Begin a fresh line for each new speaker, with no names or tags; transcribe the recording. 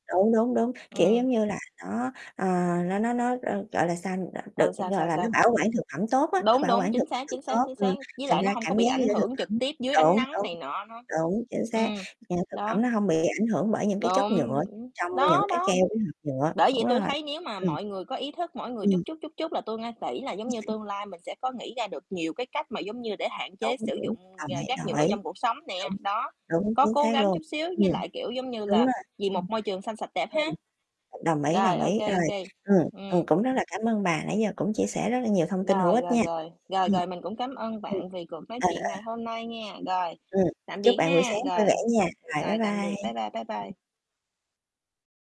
Đúng, đúng, đúng, kiểu,
Ừm.
giống như là nó, ờ, nó nó nó, ơ, gọi là, sao đ
Ừ,
được,
sao,
gọi
sao,
là, nó
sao?
bảo quản thực phẩm tốt á. Nó
Đúng,
bảo
đúng,
quản thực
chính
phẩm
xác,
được
chính xác,
tốt,
chính xác,
ừm,
với
thành
lại
ra
nó hông có
cảm
bị
giác như
ảnh
thực
hưởng trực
phẩm
tiếp dưới ánh
đúng,
nắng
đúng,
này nọ nữa.
đúng, chính xác,
Ừm,
ra thực
đó.
phẩm nó hông bị ảnh hưởng bởi những cái chất
Đúng,
nhựa trong những
đó,
cái
đó,
keo với hộp nhựa,
bởi vậy
đúng
tôi
rồi,
thấy nếu mà
ừm.
mọi người có ý thức mỗi người chút
Ừm.
chút, chút chút là tôi nga kỹ là, giống
Chính
như,
xác.
tương lai mình sẽ có nghĩ ra được nhiều cái cách mà, giống như, để hạn chế
Đúng,
sử
đúng,
dụng r
đồng ý,
rác
đồng
nhựa
ý,
trong cuộc sống nè.
đúng,
Đó,
đúng,
có
chính
cố
xác
gắng
luôn.
chút xíu
Ừm,
với lại, kiểu, giống như
đúng
là,
rồi.
vì
Ừm.
một môi trường xanh, sạch, đẹp ha.
Ừ, đồng ý,
Rồi,
đồng
ô
ý.
kê, ô
Rồi,
kê,
ừm, ừm,
ừm.
cũng rất là cảm ơn bà, nãy giờ cũng chia sẻ rất là nhiều thông tin hữu
Rồi,
ích
rồi,
nha.
rồi, rồi,
Ừm,
rồi, mình cũng cám ơn
ừm,
bạn vì cuộc nói
à,
chuyện ngày
à.
hôm nay nha. Rồi,
Ừm.
tạm
Chúc
biệt
bạn buổi
ha,
sáng vui vẻ
rồi,
nha, rồi, bye
rồi, tạm biệt, bye
bye.
bye, bye bye.